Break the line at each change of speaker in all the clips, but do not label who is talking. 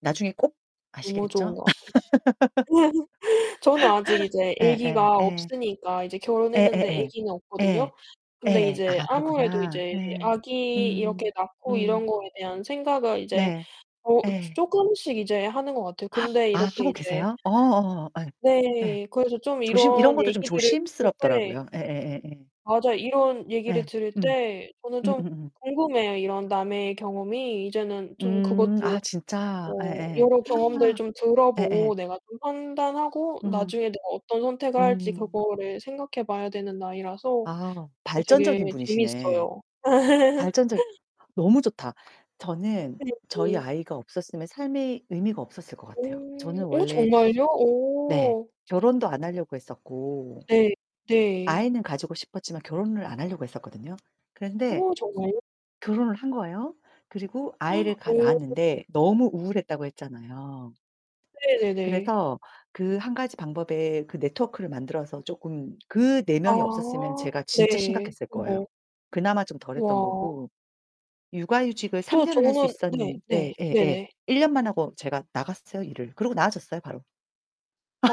나중에 꼭
너무 좋은
아시겠죠?
거 같아요. 저는 아직 이제
예예,
애기가
예.
없으니까 이제 결혼했는데
예예예.
애기는
예.
없거든요. 근데
예.
이제
아,
아무래도
그렇구나.
이제
예.
아기
음
이렇게 낳고 이런
음.
거에 대한 생각을 이제
네.
어 쪼
예.
쪼끔씩 이제 하는 거 같아요. 근데
아,
이렇게
하고
이제
계세요? 어, 어어어. 예. 예.
네. 그래서 좀
조심 이런
이런
것도 좀
얘기들을 들을 때
조심스럽더라고요. 예예예예.
맞아요, 이런 얘기를
예.
들을
음.
때 저는 좀
음음음.
궁금해요, 이런 남의 경험이. 이제는 좀
음, 아,
그것도
진짜?
뭐
예예.
여러 경험들
우와.
좀
예예.
들어보고 내가 좀 판단하고
음.
나중에 내가 어떤 선택을 할지
음.
그거를 생각해 봐야 되는 나이라서
아,
어, 되게
발전적인 분이시네.
재밌어요.
발전적 너무 좋다. 저는 저희
[unintelligible]
아이가 없었으면 삶의 의미가 없었을 것 같아요.
오.
저는
오,
원래
정말요?
네,
오.
결혼도 안 하려고 했었고
예, 네.
아이는 가지고 싶었지만 결혼을 안 하려고 했었거든요. 그런데
어, 정말요?
결혼을 한 거예요. 그리고
어.
아이를 가
어.
낳았는데 너무 우울했다고 했잖아요.
네네네.
그래서 그 한 가지 방법에 그 네트워크를 만들어서 쪼끔 그 네 명이 없었으면
아,
제가 진짜
네,
심각했을 거예요.
우와.
그나마 좀 덜했던 거고.
우와.
육아휴직을 3
또
년을 할 수
저는 네,
있었는
네,
예예예.
네네.
1 년만 하고 제가 나갔어요, 일을. 그러고 나아졌어요, 바로.
아,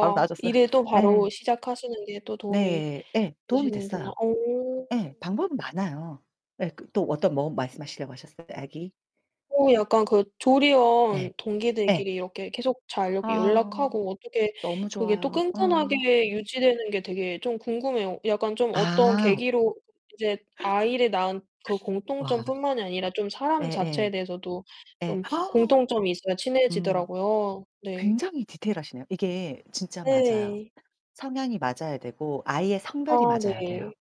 바로 나아졌어요.
일을 또
예.
바로 시작하시는 게 또 도움이
네. 예, 도움이
되시는구나.
됐어요.
어.
예, 방법은 많아요. 예, 그 또 어떤 뭐 말씀하시려고 하셨어요? 아기?
어, 약간 그
네.
조리원
예.
동기들끼리 이렇게 계속 잘 이렇게
아
연락하고 어떻게
너무
그게 또
좋아요. 어.
끈끈하게 유지되는 게 되게 좀 궁금해요. 약간 좀 어떤
아.
계기로 이제 아이를 낳은 그
와.
공통점뿐만이 아니라 좀 사람 자체에
예예.
대해서도
예.
좀
와아.
공통점이 있어야
음.
친해지더라고요. 네.
굉장히 디테일하시네요. 이게 진짜 맞아요.
네.
성향이 맞아야 되고 아이의
아,
성별이 맞아야 돼요.
네.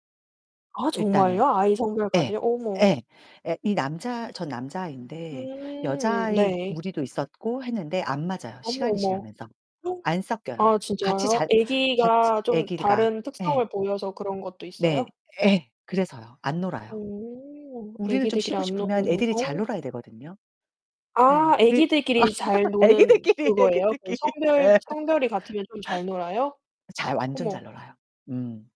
아,
일단은.
정말요? 아이
예.
성별까지요? 어머.
예. 예, 이 남자 전 남자아인데
음.
여자아이
네.
무리도 있었고 했는데 안 맞아요,
어머,
시간이
어머.
지나면서.
어?
안 섞여요.
아,
같이
진짜요?
자 같이
애기가 좀
애기가.
다른
예.
특성을 보여서 그런 것도
네,
있어요?
예, 그래서요, 안 놀아요.
어.
우리는 좀
애기들끼리
쉬고
안
싶으면
노는구나.
애들이
어.
잘 놀아야 되거든요. 예,
아,
그
애기들끼리 이제 잘 노는
애기들끼리
그거예요? 그
애기들끼리.
성별
예.
성별이 같으면 좀 잘 놀아요?
잘 완전 잘
어머.
놀아요. 음.